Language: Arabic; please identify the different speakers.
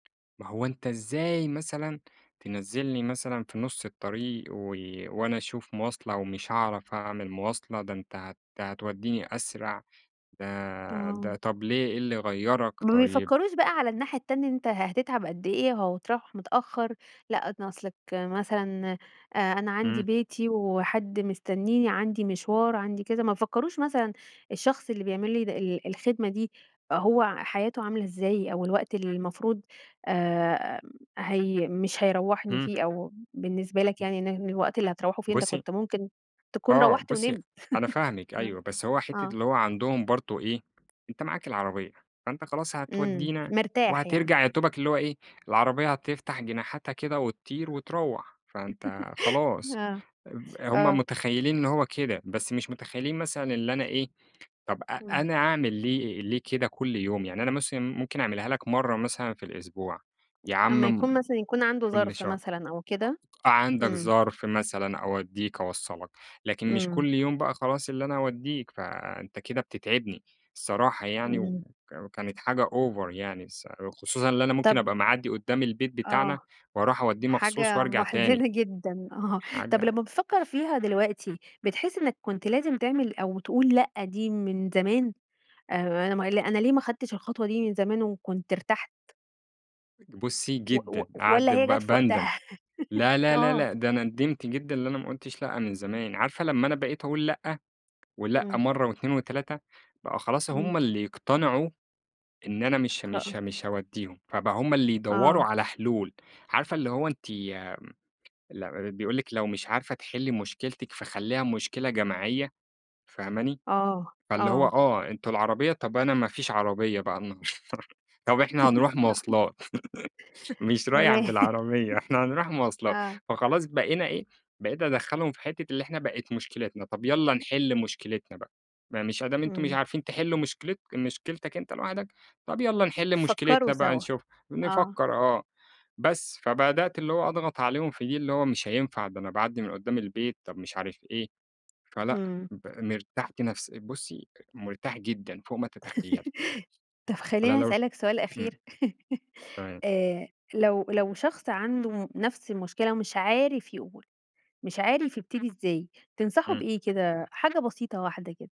Speaker 1: ما هو أنت إزاي مثلًا تنزّلني مثلًا في نص الطريق، و وأنا أشوف مواصلة ومش هاعرف أعمل مواصلة، ده أنت هت هتوديني أسرع، ده
Speaker 2: آه.
Speaker 1: ده طب ليه إيه اللي غيرك؟
Speaker 2: ما
Speaker 1: طيب
Speaker 2: بيفكروش بقى على الناحية التانية إن أنت ه هتتعب قد إيه أو هتروّح متأخر، لأ، ن أصلك مثلًا آآ، أنا عندي
Speaker 1: إمم.
Speaker 2: بيتي وحد مستنيني، عندي مشوار، عندي كذا، ما فكروش مثلًا الشخص اللي بيعملي د ال الخدمة دي هو حياته عاملة إزاي أو الوقت اللي المفروض آآ، هي مش هيروحني
Speaker 1: إمم.
Speaker 2: فيه أو بالنسبة لك
Speaker 1: [unintelligible]
Speaker 2: يعني إن ه الوقت اللي هتروحوا فيه أنت
Speaker 1: بُصّي
Speaker 2: كنت ممكن تكون
Speaker 1: آه،
Speaker 2: روحت
Speaker 1: بُصّي
Speaker 2: ونمت.
Speaker 1: أنا فاهمِك
Speaker 2: آه،
Speaker 1: أيوَه، بس هو حتّة
Speaker 2: آه.
Speaker 1: اللي هو عندهم برضو إيه؟ أنت معاك العربيّة، فأنت خلاص
Speaker 2: إمم،
Speaker 1: هتودينا
Speaker 2: مرتاح يعني.
Speaker 1: وهترجع يادوبك اللي هو إيه، العربيّة هتفتح جناحاتها كده وتطير وتروّح، فأنت خلاص
Speaker 2: آه،
Speaker 1: آب هم
Speaker 2: آه.
Speaker 1: متخيلين إن هو كده. بس مش متخيلين مثلًا اللي أنا إيه، طب أ
Speaker 2: إمم.
Speaker 1: أنا أعمل ليه ليه كده كل يوم؟ يعني أنا مثلًا ممكن أعملها لك مرّة مثلًا في الأسبوع، يا عم
Speaker 2: أمّا
Speaker 1: م
Speaker 2: يكون مثلًا يكون عنده
Speaker 1: كل
Speaker 2: ظرف
Speaker 1: شهر.
Speaker 2: مثلًا أو كده؟
Speaker 1: عندك
Speaker 2: إمم.
Speaker 1: ظرف مثلًا، أوديك، أوصلك، لكن مش
Speaker 2: إمم.
Speaker 1: كل يوم بقى خلاص اللي أنا أوديك فأنت كده بتتعبني الصراحة يعني وك
Speaker 2: إمم.
Speaker 1: وكانت حاجة over يعني الصرا خصوصًا اللي أنا ممكن
Speaker 2: طب
Speaker 1: أبقى معدي قدّام البيت
Speaker 2: آه.
Speaker 1: بتاعنا وأروح أوديه مخصوص
Speaker 2: حاجة
Speaker 1: وأرجع تاني.
Speaker 2: محزنة جدًا، آه، طب
Speaker 1: حاجة
Speaker 2: لمّا بتفكر فيها دلوقتي، بتحس إنّك كنت لازم تعمل أو تقول لأ، دي من زمان آآ، أنا ما أنا ليه ما أخدتش الخطوة دي من زمان وكنت ارتحت؟
Speaker 1: بُصّي،
Speaker 2: و و
Speaker 1: جدًا قاعد
Speaker 2: والّا هي جت
Speaker 1: ب
Speaker 2: في
Speaker 1: باندم
Speaker 2: وقتها؟
Speaker 1: لا، لا، لا،
Speaker 2: آه.
Speaker 1: لا، ده ندمت جدًا إن أنا ما قلتش لأ من زمان. عارفة لمّا أنا بقيت أقول لأ ولأ
Speaker 2: إمم.
Speaker 1: مرّة و2 و3 بقى خلاص
Speaker 2: إمم.
Speaker 1: هم اللي يقتنعوا إن أنا مش مش
Speaker 2: خ
Speaker 1: مش هاوديهم، فبقى هم اللي يدوروا
Speaker 2: آه.
Speaker 1: على حلول. عارفة اللي هو أنتِ ال بيقول لِك لو مش عارفة تحلي مشكلتِك فخليها مشكلة جماعية، فاهماني؟
Speaker 2: آه،
Speaker 1: فاللي هو
Speaker 2: آه.
Speaker 1: آه، أنتم العربيّة طب أنا ما فيش عربيّة بقى النهارده، طب إحنا هنروح مواصلات، مش رايح
Speaker 2: تمام.
Speaker 1: بالعربيّة، إحنا هنروح مواصلات.
Speaker 2: آه.
Speaker 1: فخلاص بقينا إيه، بقيت أدخلّهم في حتّة اللي إحنا بقِت مشكلتنا، طب يالّا نحل مشكلتنا بقى، ما مش أدام أنتم مش
Speaker 2: إمم.
Speaker 1: عارفين تحلوا مشكلت مشكلتك أنت لوحدك، طب يالّا نحل
Speaker 2: فكروا
Speaker 1: مشكلتنا بقى
Speaker 2: سوا،
Speaker 1: نشوف
Speaker 2: آه.
Speaker 1: نفكّر، آه. بس، فبدأت اللي هو أضغط عليهم في دي، اللي هو مش هينفع، ده أنا باعدّي من قدّام البيت، طب مش عارف إيه، فلأ،
Speaker 2: إمم.
Speaker 1: ب مرتاحت نفس بُصّي، مرتاح جدًا فوق ما تتخيلي.
Speaker 2: طب
Speaker 1: على
Speaker 2: خلّيني
Speaker 1: لو
Speaker 2: أسألك سؤال
Speaker 1: إمم
Speaker 2: أخير.
Speaker 1: تمام.
Speaker 2: آآ، لو لو شخص عنده نفس المشكلة، مش عارف يقول، مش عارف يبتدي إزاي، تنصحه
Speaker 1: إمم.
Speaker 2: بإيه كده؟ حاجة بسيطة واحدة كده.